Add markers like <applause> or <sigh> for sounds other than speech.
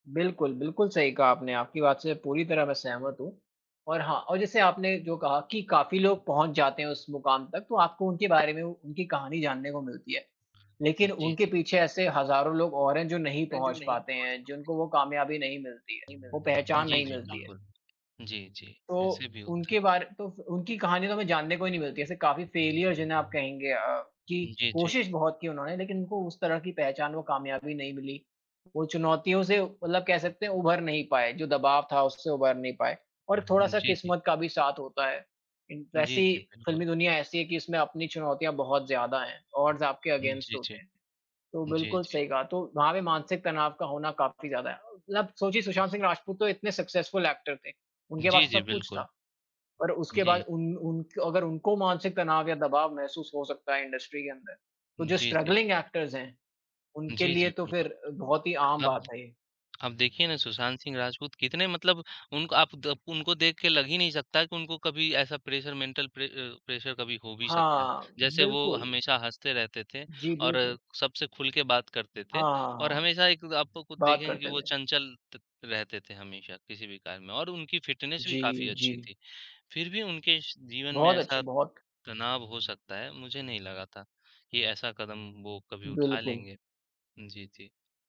बिल्कुल, बिल्कुल सही कहा आपने, आपकी बात से पूरी तरह मैं सहमत हूँ। और हाँ और जैसे आपने जो कहा कि काफ़ी लोग पहुँच जाते हैं उस मुकाम तक तो आपको उनके बारे में उ उनकी कहानी जानने को मिलती है। जी, लेकिन उनके जी। पीछे ऐसे हज़ारों लोग और हैं जो नहीं हैं, जो पहुँच नहीं पाते पहुँच हैं, पाते। जिनको वो कामयाबी नहीं मिलती है, वो <unintelligible> पहचान जी, नहीं जी मिलती है। बिल्कुल। जी, जी तो, ऐसे भी होता है। उनके बारे तो उनकी कहानी तो हमें जानने को ही नहीं मिलती है। ऐसे काफ़ी फेलियर जिन्हें आप कहेंगे अ, कि उ, जी, जी। कोशिश बहुत की उन्होंने लेकिन उनको उस तरह की पहचान, वो कामयाबी नहीं मिली। वो चुनौतियों से मतलब कह सकते हैं उभर नहीं पाए, जो दबाव था उससे उभर नहीं पाए और थोड़ा-सा जी, जी। किस्मत का भी साथ होता है। इन जी, वैसी जी, बिल्कुल। फ़िल्मी दुनिया ऐसी है कि इसमें अपनी चुनौतियाँ बहुत ज़्यादा हैं, ऑड्स आपके जी, अगेंस्ट जी। होते हैं। तो जी, बिल्कुल जी। सही कहा तो वहाँ पे मानसिक तनाव का होना काफ़ी ज़्यादा है। मतलब सोचिए सुशांत सिंह राजपूत तो इतने सक्सेसफुल एक्टर थे, उनके जी, पास जी, सब कुछ बिल्कुल। था। और उसके जी। बाद उन उन अगर उनको मानसिक तनाव या दबाव महसूस हो सकता है, इंडस्ट्री के अंदर, तो जो जी, जी। स्ट्रगलिंग एक्टर्स हैं उनके जी, जी लिए तो बिल्कुल। फिर बहुत ही आम अब बात है ये। अब देखिए ना सुशांत सिंह राजपूत कितने मतलब उनक आप द उनको देख के लग ही नहीं सकता कि उनको कभी ऐसा pressure mental pre uh, pressure कभी हो भी सकता है। हाँ, जैसे वो बिल्कुल। हमेशा हँसते रहते थे जी, और बिल्कुल। सबसे खुल के बात करते थे हाँ, और हाँ। हमेशा एक आप तो खुद बात देखेंगे कि करते वो थे। चंचल त रहते थे, हमेशा किसी भी कार्य में। और उनकी फ़िटनेस भी काफ़ी जी, अच्छी जी। थी, फिर भी उनके स जीवन में बहुत अच्छी, ऐसा बहुत तनाव हो सकता है मुझे नहीं लगा था, कि ऐसा कदम वो कभी उठा बिल्कुल। लेंगे। जी, जी।